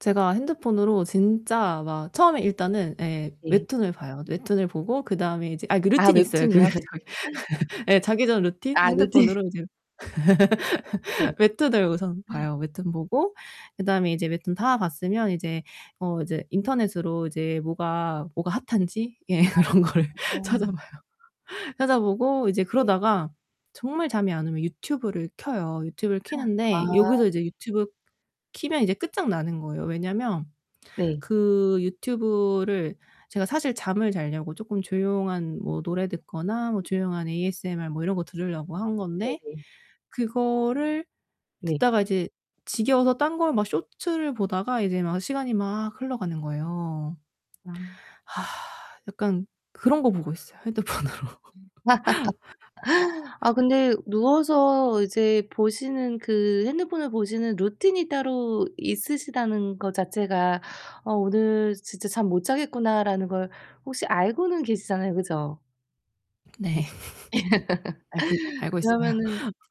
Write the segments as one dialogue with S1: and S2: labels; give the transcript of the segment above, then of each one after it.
S1: 제가 핸드폰으로 진짜 막 처음에 일단은 예.
S2: 네.
S1: 웹툰을 봐요. 웹툰을 보고 그다음에 이제 아니 그
S2: 아
S1: 루틴이 있어요, 그
S2: 웹툰이요.
S1: 자기 예 자기 전 루틴.
S2: 아 루틴.
S1: 핸드폰으로 이제
S2: 네.
S1: 웹툰을 우선 봐요. 웹툰 보고 그다음에 이제 웹툰 다 봤으면 이제 어 이제 인터넷으로 이제 뭐가 뭐가 핫한지 예
S2: 아.
S1: 그런 거를
S2: 아.
S1: 찾아봐요. 찾아보고 이제
S2: 네.
S1: 그러다가 정말 잠이 안 오면 유튜브를 켜요. 유튜브를
S2: 아
S1: 켜는데 여기서
S2: 네.
S1: 이제 유튜브 키면 이제 끝장나는 거예요. 왜냐하면
S2: 네.
S1: 그 유튜브를 제가 사실 잠을 잘려고 조금 조용한 뭐 노래 듣거나 뭐 조용한 ASMR 뭐 이런 거 들으려고 한 건데,
S2: 네네.
S1: 그거를
S2: 네.
S1: 듣다가 이제 지겨워서 딴 걸 막 쇼츠를 보다가 이제 막 시간이 막 흘러가는 거예요.
S2: 아.
S1: 약간 그런거 보고 있어요 핸드폰으로.
S2: 아 근데 누워서 이제 보시는 그 핸드폰을 보시는 루틴이 따로 있으시다는 것 자체가 '어 오늘 진짜 잠 못 자겠구나.'라는 걸 혹시 알고는 계시잖아요. 그죠?
S1: 네. 알고 있 알고 있어요.
S2: 그러면은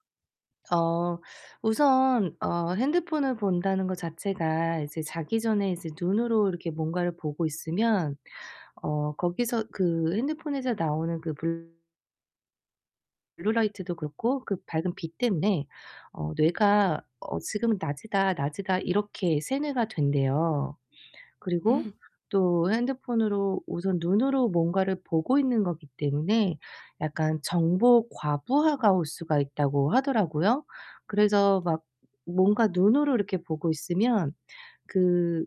S2: 어 우선 어 핸드폰을 본다는 것 자체가 이제 자기 전에 이제 눈으로 이렇게 뭔가를 보고 있으면 어 거기서 그 핸드폰에서 나오는 그 블 블루라이트도 그렇고 그 밝은 빛 때문에 어 뇌가 어 '지금은 낮이다, 낮이다' 이렇게 세뇌가 된대요. 그리고 또 핸드폰으로 우선 눈으로 뭔가를 보고 있는 것이기 때문에 약간 정보 과부하가 올 수가 있다고 하더라고요. 그래서 막 뭔가 눈으로 이렇게 보고 있으면 그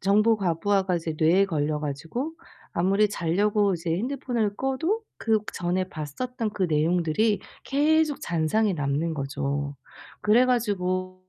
S2: 정보 과부하가 이제 뇌에 걸려 가지고 아무리 자려고 이제 핸드폰을 꺼도 그 전에 봤었던 그 내용들이 계속 잔상이 남는 거죠. 그래 가지고